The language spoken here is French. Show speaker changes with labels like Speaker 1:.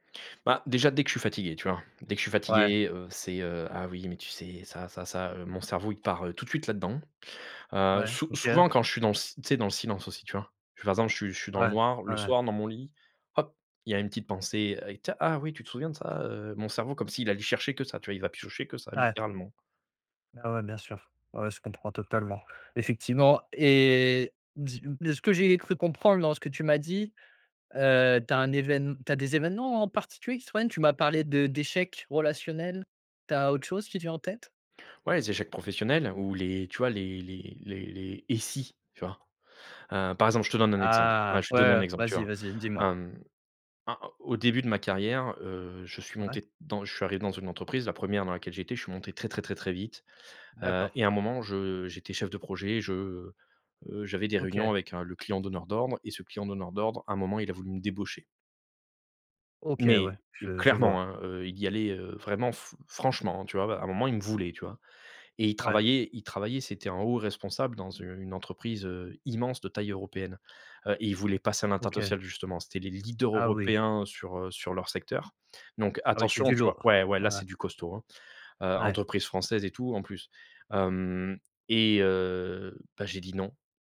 Speaker 1: Bah, déjà, dès que je suis fatigué, tu vois? Dès que je suis
Speaker 2: Ouais.
Speaker 1: fatigué, heu, c'est, heu: «Ah, oui, mais tu sais, ça, ça, ça», heu, mon cerveau, il part, heu, tout de suite là-dedans. Heu,
Speaker 2: Ouais,
Speaker 1: sou
Speaker 2: OK.
Speaker 1: souvent quand je suis dans le si tu sais, dans le silence aussi, tu vois? Par exemple, je suis je suis dans le
Speaker 2: Ouais.
Speaker 1: noir,
Speaker 2: Ouais,
Speaker 1: le
Speaker 2: ouais.
Speaker 1: soir, dans mon lit, hop! Il y a une petite pensée: «Ah et t ah, oui, tu te souviens de ça, heu», mon cerveau, comme s'il allait chercher que ça, tu vois? Il va piocher que ça,
Speaker 2: Ouais.
Speaker 1: littéralement.
Speaker 2: Bah, ouais, bien sûr. Ouais, ouais, je comprends totalement. Effectivement et dis-m de ce que j'ai cru comprendre dans ce que tu m'as dit, heu, tu as un évén tu as des événements en en particulier qui te reviennent? Tu m'as parlé de d'échec relationnel. Tu as autre chose qui te vient en tête?
Speaker 1: Ouais, les échecs professionnels ou les tu vois, les les les les «Et si?» Tu vois? Heu, par exemple, je te donne un exemple, ouais,
Speaker 2: Ah,
Speaker 1: je vais te
Speaker 2: ouais,
Speaker 1: donner
Speaker 2: ouais,
Speaker 1: un
Speaker 2: ouais,
Speaker 1: exemple, tu
Speaker 2: vas-y,
Speaker 1: verras.
Speaker 2: vas-y, dis-moi.
Speaker 1: A a au début de ma carrière, heu, je suis
Speaker 2: Ouais.
Speaker 1: monté dans je suis arrivé dans une entreprise, la 1re dans laquelle j'étais, je suis monté très, très, très, très vite, heu
Speaker 2: D'accord.
Speaker 1: et à un moment, je j'étais chef de projet, je, heu, j'avais des réunions
Speaker 2: OK.
Speaker 1: avec un le client donneur d'ordre et ce client donneur d'ordre, un moment, il a voulu me débaucher.
Speaker 2: OK, ouais,
Speaker 1: Mais heu,
Speaker 2: je je
Speaker 1: clairement,
Speaker 2: vois.
Speaker 1: hein, heu, il y allait, heu, vraiment fr franchement, hein, tu vois? Bah, à un moment, il me voulait, tu vois? Et il
Speaker 2: Ouais.
Speaker 1: travaillait il travaillait, c'était un haut responsable dans u une entreprise, heu, immense, de taille européenne. Heu, ils voulaient passer à
Speaker 2: OK.
Speaker 1: l'international justement. C'étaient les leaders
Speaker 2: Ah oui.
Speaker 1: européens sur, heu, sur leur secteur. Donc
Speaker 2: Ah oui, c'est
Speaker 1: attention,
Speaker 2: du
Speaker 1: tu vois?
Speaker 2: lourd.
Speaker 1: Ouais, ouais,
Speaker 2: Ouais,
Speaker 1: là,
Speaker 2: ouais.
Speaker 1: c'est du costaud, hein, heu
Speaker 2: Ouais.
Speaker 1: entreprise française et tout, en plus. Mmh, et heu, bah, j'ai dit non.